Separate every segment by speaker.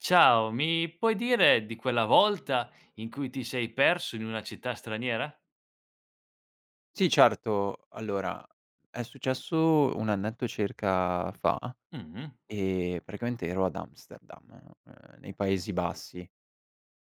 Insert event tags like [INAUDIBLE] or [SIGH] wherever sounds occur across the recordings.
Speaker 1: Ciao, mi puoi dire di quella volta in cui ti sei perso in una città straniera?
Speaker 2: Sì, certo. Allora, è successo un annetto circa fa,
Speaker 1: Mh.
Speaker 2: e praticamente ero ad Amsterdam, ehm, nei Paesi Bassi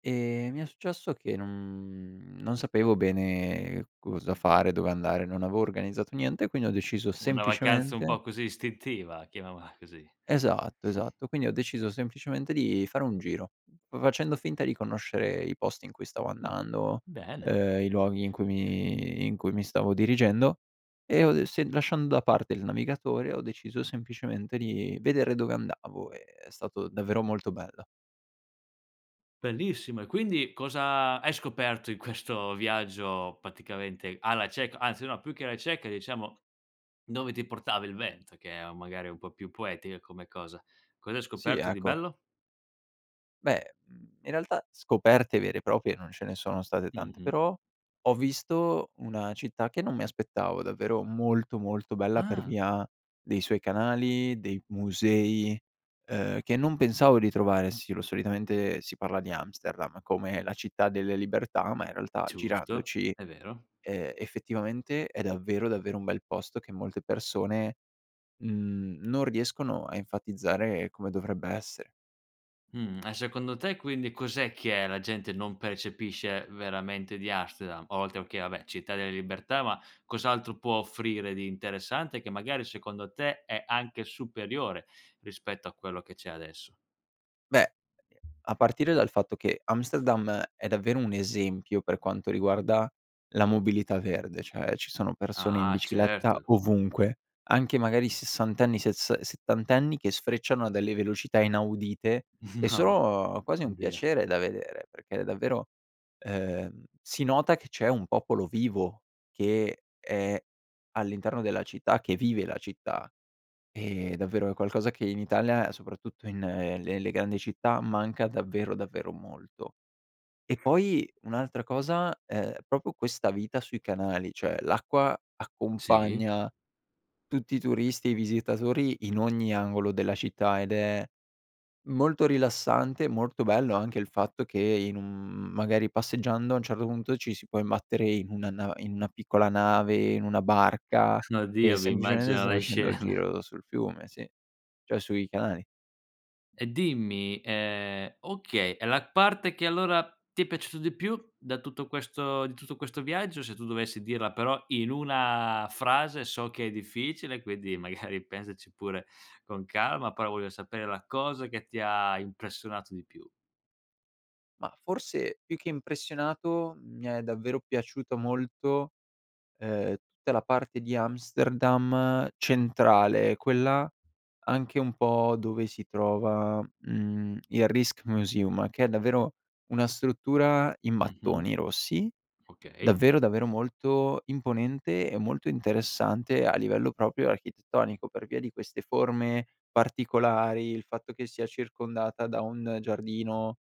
Speaker 2: e mi è successo che non, mhmm, non sapevo bene cosa fare, dove andare, non avevo organizzato niente, e quindi ho deciso
Speaker 1: Una vacanza un
Speaker 2: semplicemente
Speaker 1: po' così istintiva chiamiamola così,
Speaker 2: Esatto,
Speaker 1: [CHUCKLES]
Speaker 2: esatto, quindi ho deciso semplicemente di fare un giro, v facendo finta di conoscere i posti in cui stavo
Speaker 1: Mh.
Speaker 2: andando,
Speaker 1: Bene.
Speaker 2: ehm, i luoghi in cui mi in cui mi stavo dirigendo, e ho de se lasciando da parte il navigatore, ho deciso semplicemente di vedere dove andavo, e è stato davvero molto bello.
Speaker 1: Bellissimo, e quindi cosa hai scoperto in questo viaggio praticamente alla cieca, anzi no più che alla cieca diciamo, dove ti portava il vento che è u magari è un po' più poetica come cosa. Cos'hai
Speaker 2: Sì,
Speaker 1: scoperto di
Speaker 2: ecco.
Speaker 1: bello?
Speaker 2: Beh, mhmm, in realtà scoperte vere e proprie non ce ne sono state tante,
Speaker 1: Mh-mh.
Speaker 2: però ho visto una città che non mi aspettavo davvero molto molto bella per
Speaker 1: Ah!
Speaker 2: via dei suoi canali, dei musei, ehm, che non pensavo di trovare. Sì lo solitamente si parla di Amsterdam come la città delle libertà, ma in realtà
Speaker 1: Giusto,
Speaker 2: girandoci,
Speaker 1: è vero.
Speaker 2: ehm, effettivamente è davvero davvero un bel posto che molte persone, mhmm, non riescono a enfatizzare come dovrebbe essere.
Speaker 1: Mh, e secondo te quindi cos'è che la gente non percepisce, veramente, di Amsterdam? oltre, okay, vabbè città delle libertà, ma cos'altro può offrire di interessante che magari secondo te è anche superiore rispetto a quello che c'è adesso?
Speaker 2: Beh, a partire dal fatto che Amsterdam è davvero un esempio per quanto riguarda la mobilità verde, cioè ci sono persone in
Speaker 1: Ah,
Speaker 2: bicicletta
Speaker 1: certo.
Speaker 2: ovunque, anche magari sessantenni, sessas ehm, settantenni che sfrecciano a delle velocità inaudite, e
Speaker 1: [CHUCKLES]
Speaker 2: sono quasi un
Speaker 1: No, oddio
Speaker 2: piacere da vedere, perché davvero, ehm, si nota che c'è un popolo vivo, che è all'interno della città, che vive la città. E, davvero, è qualcosa che in Italia soprattutto in le- le grandi città manca davvero davvero molto. E poi, un'altra cosa, ehm, proprio questa vita sui canali, cioè l'acqua
Speaker 1: Sì.
Speaker 2: accompagna tutti i turisti e i visitatori in ogni angolo della città, ed è molto rilassante, e molto bello anche il fatto che in un, mhmm, magari passeggiando a un certo punto ci si può imbattere in una na in una piccola nave, in una barca
Speaker 1: No,
Speaker 2: che
Speaker 1: oddio mi
Speaker 2: semplicemente
Speaker 1: immagino
Speaker 2: sta
Speaker 1: le
Speaker 2: facendo il
Speaker 1: scena.
Speaker 2: giro sul fiume, sì, cioè sui canali.
Speaker 1: E dimmi ehm, okay, e la parte che allora ti è piaciuto di più da tutto questo di tutto questo viaggio? Se tu dovessi dirla, però, in una frase, so che è difficile, quindi, magari pensaci pure con calma, però voglio sapere la cosa che ti ha impressionato di più.
Speaker 2: Mah, forse più che impressionato, mi è davvero piaciuto molto, ehm, tutta la parte di Amsterdam centrale quella anche un po' dove si trova, mhmm, il Rijksmuseum che è davvero una struttura in
Speaker 1: Mh-mh.
Speaker 2: mattoni rossi,
Speaker 1: Okay.
Speaker 2: davvero davvero molto imponente e molto interessante a livello proprio architettonico per via di queste forme particolari, il fatto che sia circondata da un giardino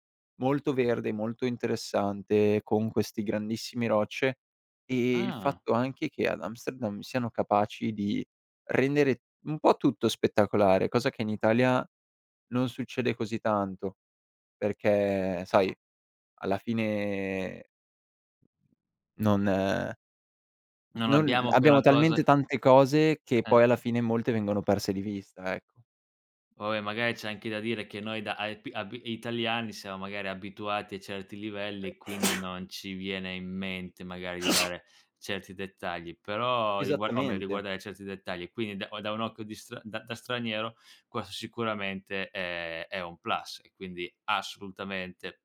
Speaker 2: molto verde, molto interessante con questi grandissime rocce, e e il
Speaker 1: Ah.
Speaker 2: fatto anche che ad Amsterdam siano capaci di rendere un po' tutto spettacolare, cosa che in Italia non succede così tanto perché sai, alla fine non, ehm,
Speaker 1: Non
Speaker 2: non
Speaker 1: abbiamo
Speaker 2: abbiamo
Speaker 1: quella
Speaker 2: talmente
Speaker 1: cosa
Speaker 2: tante cose che
Speaker 1: Eh.
Speaker 2: poi alla fine molte vengono perse di vista, ecco.
Speaker 1: Poi magari c'è anche da dire che noi da aepi abi italiani siamo magari abituati a certi livelli, e quindi
Speaker 2: [SNEEZES]
Speaker 1: non ci viene in mente magari di
Speaker 2: [SNEEZES]
Speaker 1: dare certi dettagli, però rigua o meglio
Speaker 2: Esattamente.
Speaker 1: riguardare certi dettagli, quindi da o da un occhio di stra da da straniero questo sicuramente è è un plus e quindi assolutamente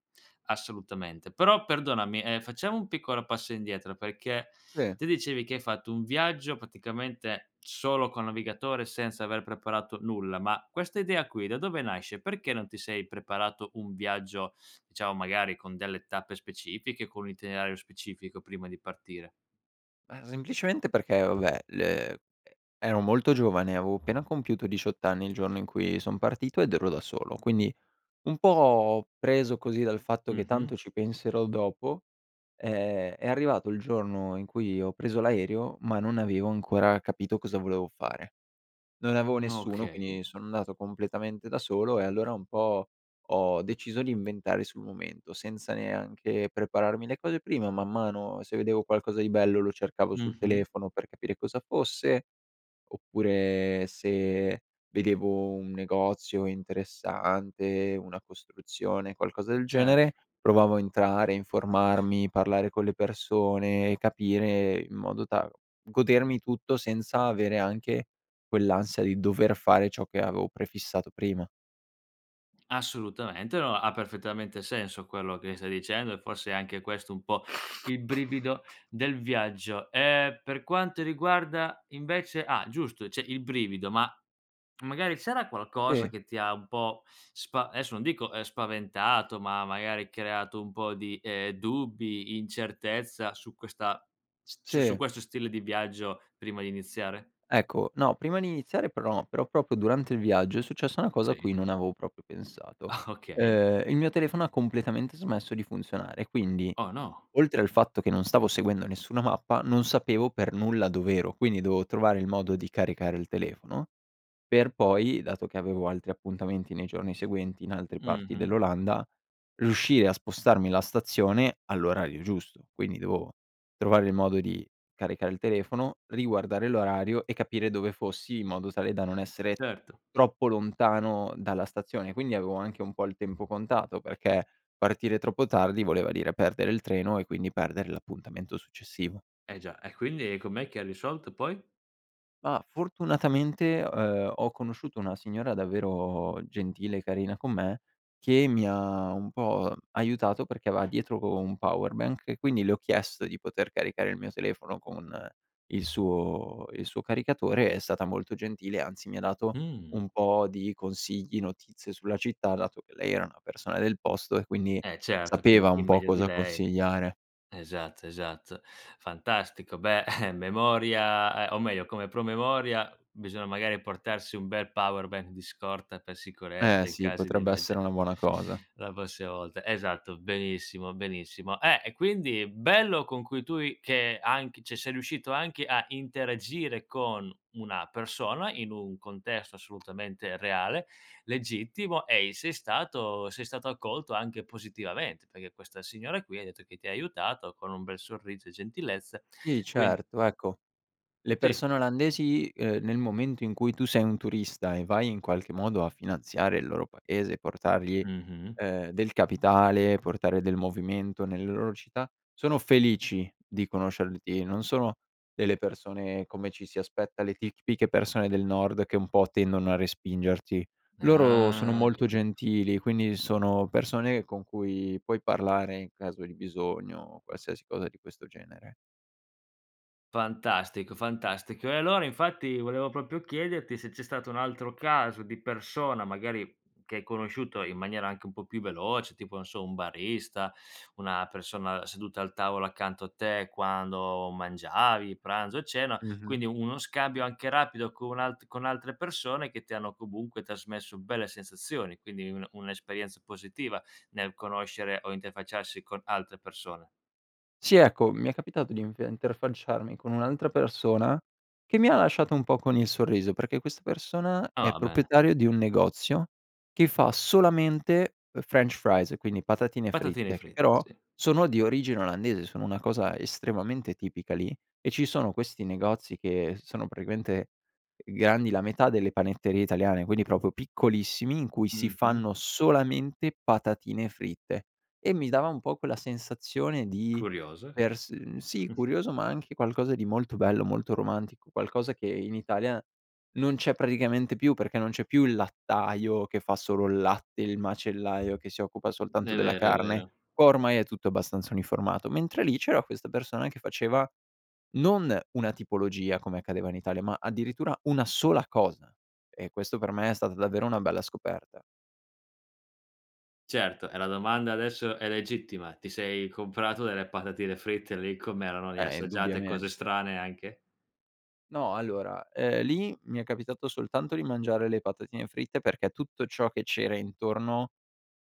Speaker 1: assolutamente. Però, perdonami, ehm, facciamo un piccolo passo indietro perché
Speaker 2: Sì.
Speaker 1: te dicevi che hai fatto un viaggio praticamente solo col navigatore senza aver preparato nulla, ma questa idea qui da dove nasce? Perché non ti sei preparato un viaggio diciamo, magari, con delle tappe specifiche con un itinerario specifico prima di partire?
Speaker 2: Ah, semplicemente perché, vabbè, le e ero molto giovane, avevo appena compiuto 18 anni il giorno in cui son partito, ed ero da solo. Quindi, un po' preso così dal fatto che:"
Speaker 1: Mh-mh.
Speaker 2: Tanto ci penserò dopo," ehm, è arrivato il giorno in cui ho preso l'aereo, ma non avevo ancora capito cosa volevo fare. Non avevo nessuno,
Speaker 1: Okay.
Speaker 2: quindi sono andato completamente da solo, e allora un po' ho deciso di inventare sul momento, senza neanche prepararmi le cose prima, man mano, se vedevo qualcosa di bello lo cercavo sul
Speaker 1: Mh-mh.
Speaker 2: telefono per capire cosa fosse, oppure se vedevo un negozio interessante, una costruzione, qualcosa del
Speaker 1: Certo.
Speaker 2: genere, provavo a entrare, informarmi, parlare con le persone capire in modo ta godermi tutto senza avere anche quell'ansia di dover fare ciò che avevo prefissato prima.
Speaker 1: Assolutamente, no ha perfettamente senso quello che stai dicendo, e forse è anche questo un po' il brivido del viaggio. Ehm, per quanto riguarda invece ah, giusto cioè il brivido ma, mhmm, magari ci sarà qualcosa
Speaker 2: E
Speaker 1: che ti ha un po' spa adesso non dico, ehm, spaventato ma magari creato un po' di, ehm, dubbi, incertezza su questa s su su
Speaker 2: Sì.
Speaker 1: questo stile di viaggio, prima di iniziare?
Speaker 2: Ecco, no prima di iniziare però però proprio durante il viaggio, è successa una cosa a
Speaker 1: Sì.
Speaker 2: cui non avevo proprio pensato,
Speaker 1: [CHUCKLES] Okay.
Speaker 2: ehm, il mio telefono ha completamente smesso di funzionare, e quindi
Speaker 1: Oh, no!
Speaker 2: oltre al fatto che non stavo seguendo nessuna mappa, non sapevo per nulla dov'ero, quindi dovevo trovare il modo di caricare il telefono per poi, dato che avevo altri appuntamenti nei giorni seguenti in altre parti
Speaker 1: Mh-mh.
Speaker 2: dell'Olanda, riuscire a spostarmi la stazione all'orario giusto. Quindi dovevo trovare il modo di caricare il telefono, riguardare l'orario e capire dove fossi in modo tale da non essere
Speaker 1: Certo.
Speaker 2: troppo lontano dalla stazione. Quindi avevo anche un po' il tempo contato, perché partire troppo tardi voleva dire perdere il treno e quindi perdere l'appuntamento successivo.
Speaker 1: Eh già, e quindi com'è che hai risolto poi?
Speaker 2: Ma fortunatamente, uhm, ho conosciuto una signora davvero gentile e carina con me, che mi ha un po', uhm, aiutato perché aveva dietro co un power bank e quindi le ho chiesto di poter caricare il mio telefono con il suo, il suo caricatore. È stata molto gentile, anzi, mi ha dato
Speaker 1: Mh.
Speaker 2: un po' di consigli, notizie sulla città, dato che lei era una persona del posto e quindi
Speaker 1: Eh, certo, quindi
Speaker 2: sapeva
Speaker 1: chi
Speaker 2: un po'
Speaker 1: meglio di
Speaker 2: cosa
Speaker 1: lei
Speaker 2: consigliare.
Speaker 1: esatto, esatto. Fantastico. Beh, eh memoria ehm, o meglio, come promemoria, bisogna, magari, portarsi un bel power bank di scorta per
Speaker 2: Eh,
Speaker 1: sicurezza, in
Speaker 2: sì,
Speaker 1: casi di
Speaker 2: potrebbe essere
Speaker 1: emerge
Speaker 2: una buona cosa.
Speaker 1: la prossima volta. Esatto, benissimo, benissimo. Eh, e quindi bello, con cui tu i che anche cioè, sei riuscito anche a interagire con una persona in un contesto assolutamente reale, legittimo, e i sei stato sei stato accolto anche positivamente, perché questa signora qui hai detto che ti ha aiutato con un bel sorriso e gentilezza,
Speaker 2: Sì,
Speaker 1: quindi
Speaker 2: certo, ecco, le
Speaker 1: Sì.
Speaker 2: persone olandesi, ehm, nel momento in cui tu sei un turista e vai, in qualche modo, a finanziare il loro paese e portargli,
Speaker 1: Mh-mh.
Speaker 2: ehm, del capitale, portare del movimento nelle loro città, sono felici di conoscerti. Non sono delle persone come ci si aspetta, le tic tipiche persone del nord che, un po', tendono a respingerti. Loro sono
Speaker 1: Ah,
Speaker 2: molto
Speaker 1: capito.
Speaker 2: gentili, quindi sono persone con cui puoi parlare in caso di bisogno, o qualsiasi cosa di questo genere.
Speaker 1: Fantastico, fantastico, e allora, infatti, volevo proprio chiederti se c'è stato un altro caso di persona, magari che hai conosciuto in maniera anche un po' più veloce, tipo, non so, un barista, una persona seduta al tavolo accanto a te quando mangiavi, pranzo, cena,
Speaker 2: Mh-mh.
Speaker 1: quindi uno scambio anche rapido con u alt con altre persone che ti hanno, comunque, trasmesso belle sensazioni, quindi, un un'esperienza positiva nel conoscere o interfacciarsi con altre persone.
Speaker 2: Sì, ecco, mi è capitato di enfe interfacciarmi con un'altra persona, che mi ha lasciato un po' con il sorriso, perché questa persona è
Speaker 1: Ah, bene.
Speaker 2: proprietario di un negozio, che fa solamente, uhm, french fries, quindi patatine
Speaker 1: Patatine
Speaker 2: fritte, che
Speaker 1: frit
Speaker 2: però
Speaker 1: sì.
Speaker 2: sono di origine olandese, sono una cosa estremamente tipica lì, e ci sono questi negozi che sono, praticamente, uhm, grandi la metà delle panetterie italiane, quindi proprio piccolissimi, in cui si
Speaker 1: Mh-mh.
Speaker 2: fanno solamente patatine fritte, e mi dava un po' quella sensazione di
Speaker 1: Curioso,
Speaker 2: per s
Speaker 1: [UNINTELLIGIBLE]
Speaker 2: sì,
Speaker 1: Mh-mh.
Speaker 2: curioso, ma, anche qualcosa di molto bello, molto romantico, qualcosa che in Italia non c'è praticamente più, perché non c'è più il lattaio che fa solo il latte, il macellaio che si occupa
Speaker 1: È
Speaker 2: soltanto della
Speaker 1: vero, è
Speaker 2: carne,
Speaker 1: vero.
Speaker 2: ormai è tutto abbastanza uniformato. Mentre lì c'era questa persona che faceva, non una tipologia come accadeva in Italia, ma addirittura una sola cosa; e questo, per me, è stata davvero una bella scoperta.
Speaker 1: Certo, e la domanda adesso è legittima, ti sei comprato delle patatine fritte lì, com'erano, le hai
Speaker 2: Eh,
Speaker 1: assaggiate?
Speaker 2: indubbiamen
Speaker 1: Cose strane anche?
Speaker 2: No, allora, ehm, lì, mi è capitato soltanto di mangiare le patatine fritte, perché tutto ciò che c'era intorno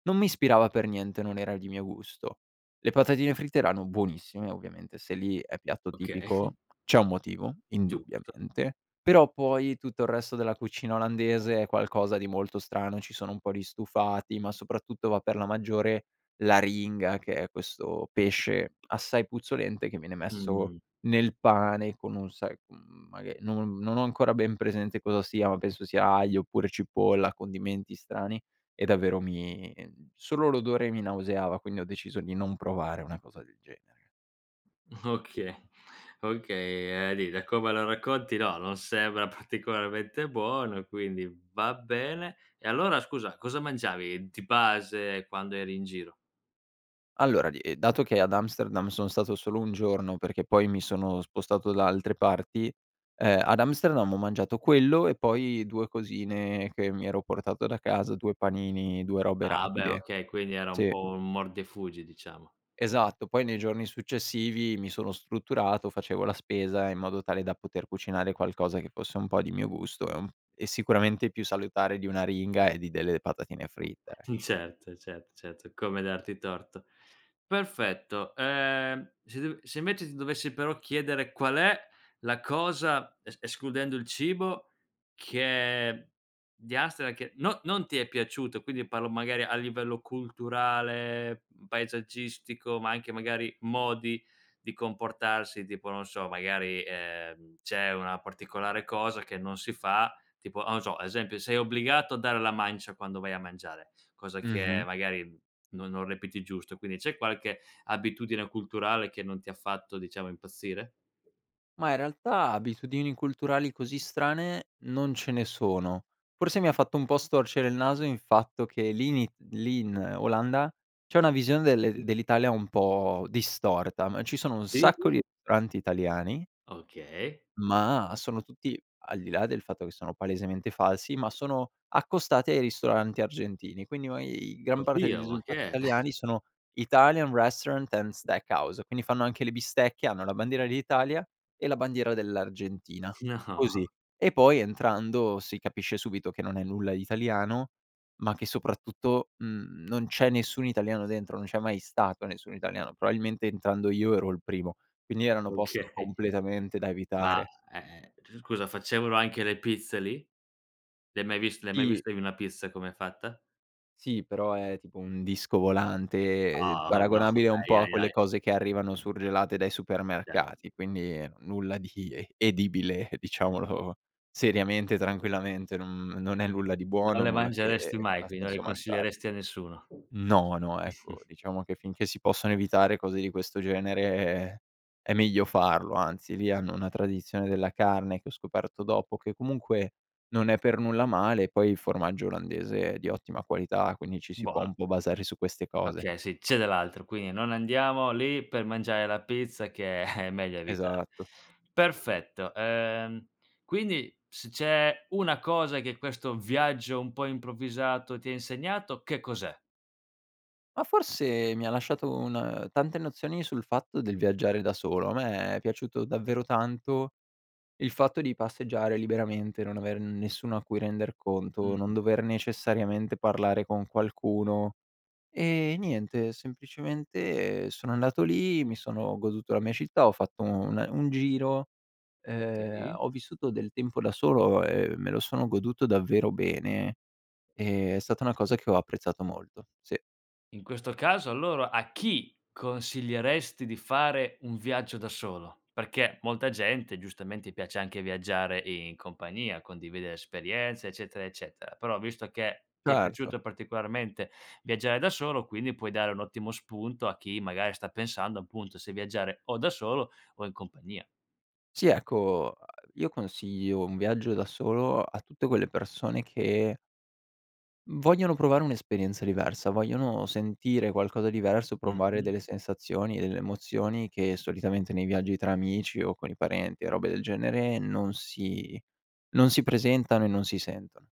Speaker 2: non mi ispirava per niente, non era di mio gusto. Le patatine fritte erano buonissime, ovviamente, se lì è piatto
Speaker 1: Okay.
Speaker 2: tipico, c'è un motivo
Speaker 1: Giusto.
Speaker 2: indubbiamente; però, poi, tutto il resto della cucina olandese è qualcosa di molto strano, ci sono un po' di stufati, ma, soprattutto, va per la maggiore l'aringa, che è questo pesce assai puzzolente, che viene messo
Speaker 1: Mh.
Speaker 2: nel pane con un sai, uhm, maghe non non ho ancora ben presente cosa sia, ma penso sia aglio oppure cipolla, condimenti strani, e davvero mi solo l'odore mi nauseava, quindi ho deciso di non provare una cosa del genere.
Speaker 1: Okay, okay, uhm, di da come lo racconti, no, non sembra particolarmente buono, e quindi, va bene; e allora, scusa, cosa mangiavi di base quando eri in giro?
Speaker 2: Allora, di ehm, dato che ad Amsterdam sono stato solo un giorno perché, poi, mi sono spostato da altre parti, ehm, ad Amsterdam ho mangiato quello e, poi, due cosine che mi ero portato da casa: due panini, due robe
Speaker 1: Ah beh,
Speaker 2: rapide,
Speaker 1: okay, quindi era un
Speaker 2: sì.
Speaker 1: po' un mordi e fuggi, diciamo.
Speaker 2: Esatto, poi nei giorni successivi mi sono strutturato, facevo la spesa in modo tale da poter cucinare qualcosa che fosse un po' di mio gusto, e uhm, e sicuramente più salutare di un'aringa, e di delle patatine fritte.
Speaker 1: [CHUCKLES] Certo, certo, certo, come darti torto. Perfetto, uhm, se dev se invece, ti dovessi, però, chiedere: qual è la cosa es escludendo il cibo, che di Amsterdam che no non ti è piaciuto e quindi, parlo, magari, a livello culturale, mhmm, paesaggistico, ma anche, magari, modi di comportarsi, tipo, non so, magari, ehm, c'è una particolare cosa che non si fa, tipo, o non so, ad esempio, sei obbligato a dare la mancia quando vai a mangiare, cosa che,
Speaker 2: Mh-mh.
Speaker 1: magari, non non reputi giusto, quindi, c'è qualche abitudine culturale che non ha ti fatto, diciamo, impazzire?
Speaker 2: Mah, in realtà, abitudini culturali così strane, non ce ne sono; forse, mi ha fatto un po' storcere in naso il fatto che l’ini lì in Olanda c'è una visione del
Speaker 1: [UNINTELLIGIBLE]
Speaker 2: dell'Italia un po' distorta, m ci sono un sacco
Speaker 1: Tipo?
Speaker 2: di ristoranti italiani
Speaker 1: Okay.
Speaker 2: ma sono tutti al di là del fatto che sono palesemente falsi, ma sono accostati ai ristoranti argentini; quindi ma e i gran parte dei
Speaker 1: Oddio, ma
Speaker 2: risultati
Speaker 1: che è? [CHUCKLES]
Speaker 2: italiani sono Italian restaurant and steak house, quindi fanno anche le bistecche, hanno la bandiera dell'Italia e la bandiera dell'Argentina, così;
Speaker 1: No.
Speaker 2: e poi, entrando, si capisce subito che non è nulla di italiano ma che, soprattutto, mhmm, non c'è nessun italiano dentro. Non c'è mai stato nessun italiano probabilmente, entrando io, ero il primo, quindi erano posti
Speaker 1: okay
Speaker 2: completamente da
Speaker 1: ma,
Speaker 2: evitare.
Speaker 1: ehm, c scusa, facevano anche le pizze lì? Le hai mai viste le hai mai
Speaker 2: Sì.
Speaker 1: viste in una pizza com'è fatta?
Speaker 2: Sì, però, è tipo un disco volante, ehm,
Speaker 1: No, no,
Speaker 2: paragonabile un
Speaker 1: ahi,
Speaker 2: po' a
Speaker 1: ahi,
Speaker 2: quelle
Speaker 1: ahi.
Speaker 2: cose che arrivano surgelate dai
Speaker 1: Cer
Speaker 2: supermercati, quindi, nulla di e edibile, diciamolo seriamente, tranquillamente, non non è nulla di
Speaker 1: Non
Speaker 2: buono,
Speaker 1: le
Speaker 2: nulla che
Speaker 1: mangeresti
Speaker 2: e f
Speaker 1: mai,
Speaker 2: ha
Speaker 1: quindi, non le
Speaker 2: senso mangiare.
Speaker 1: consiglieresti a nessuno
Speaker 2: No, no, ecco,
Speaker 1: [CHUCKLES]
Speaker 2: diciamo che finché si possono evitare cose di questo genere, è meglio farlo anzi, lì hanno una tradizione della carne che ho scoperto dopo, che comunque non è per nulla male, poi il formaggio Olandese è di ottima qualità, quindi ci si può
Speaker 1: Buono.
Speaker 2: un po' basare su queste cose.
Speaker 1: Okay, sì, c'è dall'altro, quindi non andiamo lì per mangiare la pizza, che è meglio evitare,
Speaker 2: Esatto.
Speaker 1: perfetto, uhm, quindi se c'è una cosa che questo viaggio un po' improvvisato ti ha insegnato, che cos'è?
Speaker 2: Ma, forse mi ha lasciato un tante nozioni sul fatto del viaggiare da solo, a me è piaciuto davvero tanto il fatto di passeggiare liberamente, non aver nessuno a cui render conto, non
Speaker 1: Mh-mh.
Speaker 2: dover necessariamente parlare con qualcuno; e e niente semplicemente sono andato lì, mi sono goduto la mia città ho fatto un ehm, un giro, ehm,
Speaker 1: Sì.
Speaker 2: ho vissuto del tempo da solo e me lo sono goduto davvero bene, ehm, è stata una cosa che ho apprezzato molto, sì.
Speaker 1: In questo caso, allora, a chi consiglieresti di fare un viaggio da solo? Perché molta gente, giustamente, piace anche viaggiare in compagnia, condividere esperienze, eccetera, eccetera; però, visto che ti è
Speaker 2: Certo.
Speaker 1: piaciuto particolarmente viaggiare da solo, quindi, puoi dare un ottimo spunto a chi, magari, sta pensando, appunto, se viaggiare o da solo o in compagnia.
Speaker 2: Sì, ecco, uhm, io consiglio un viaggio da solo a tutte quelle persone che vogliono provare un'esperienza diversa, vogliono sentire qualcosa diverso, provare
Speaker 1: Mh-mh.
Speaker 2: delle sensazioni, delle emozioni, che solitamente nei viaggi tra amici, o con i parenti, robe del genere, non si non si presentano e non si sentono.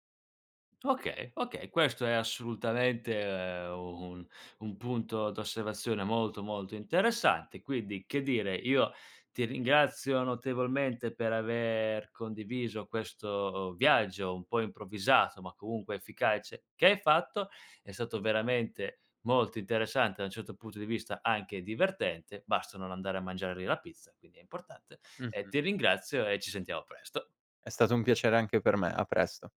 Speaker 1: Okay, okay, questo è, assolutamente, uhm, un un punto d'osservazione molto, molto interessante, quindi, che dire, io ti ringrazio notevolmente per aver condiviso questo viaggio, un po' improvvisato ma, comunque, efficace, che hai fatto è stato veramente molto interessante, da un certo punto di vista anche divertente, basta non andare a mangiare lì la pizza, quindi è importante, e
Speaker 2: Mh-mh.
Speaker 1: ti ringrazio, e ci sentiamo presto.
Speaker 2: È stato un piacere anche per me, a presto.